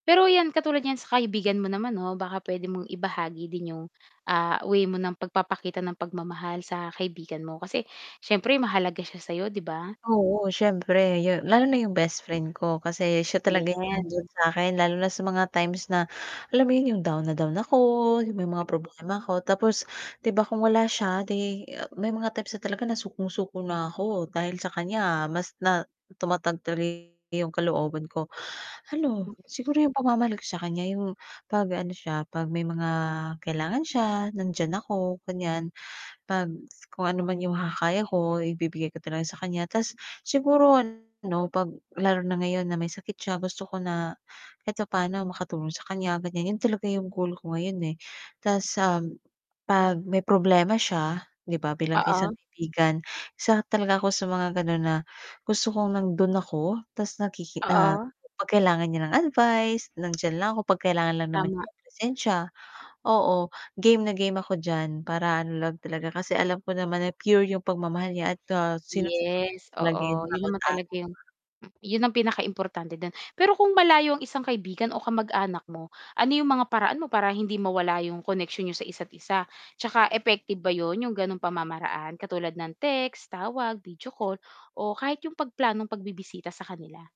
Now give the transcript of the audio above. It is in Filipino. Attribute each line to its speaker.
Speaker 1: Pero ‘yan, katulad niyan sa kaibigan mo naman 'no, baka puwede mong ibahagi din yung, ah, way mo ng pagpapakita ng pagmamahal sa kaibigan mo, kasi siyempre mahalaga siya sa'yo, 'di ba?
Speaker 2: Oo, siyempre yu lalo na yung bestfriend ko kasi siya talaga yung
Speaker 1: Yes.
Speaker 2: nandiyan sa'kin lalo na sa mga times na alam mo yun, yung down na down ako, yung may mga
Speaker 1: M
Speaker 2: problema ‘ko. Tapos, 'di ba kung wala siya 'di, a may mga times na talaga na sukong-suko na ako, dahil sa kaniya mas na tumatag tuloy yung kalooban ko. Ano, siguro yung pagmamahal ko sa kaniya yung 'pag ano siya, 'pag may mga kailangan siya nandiyan ako, ganiyan. 'Pag kung ano man yung makakaya ko, ibibigay ko talaga sa kaniya. Ta’s siguro ano, 'pag lalo na ngayon na may sakit siya, gusto ko na kahit papaano makatulong sa kaniya ganiyan, yun talaga yung goal ko ngayon, eh. Ta's, um, 'pag may problema siya 'di ba, bilang isang
Speaker 1: Oo.
Speaker 2: kaibigan isa talaga ako sa mga gano'n na, gusto kong nando'n ako ta's nakiki ah,
Speaker 1: Oo.
Speaker 2: 'pag kailangan niya ng advice, nandiyan lang ako pag kailangan lang naman
Speaker 1: Tama.
Speaker 2: niya ng presensya. Oo, game na game ako diyan para ano lang talaga, kasi alam ko naman na pure yung pagmamahal niya at, ah, sinasamahan
Speaker 1: Yes,
Speaker 2: ko talaga yung
Speaker 1: oo. 'yun
Speaker 2: bawat
Speaker 1: naman talaga
Speaker 2: araw.
Speaker 1: yung m 'yun ang pinakaimportante do'n. Pero kung malayo ang isang kaibigan o kamag-anak mo, ano 'yong mga paraan mo para hindi mawala yung koneksyon niyo sa isa't isa? Tsaka effective ba 'yon, yung ganong pamamaraan, katulad ng text, tawag, video call o kahit 'yong pagplanong pagbibisita sa kanila?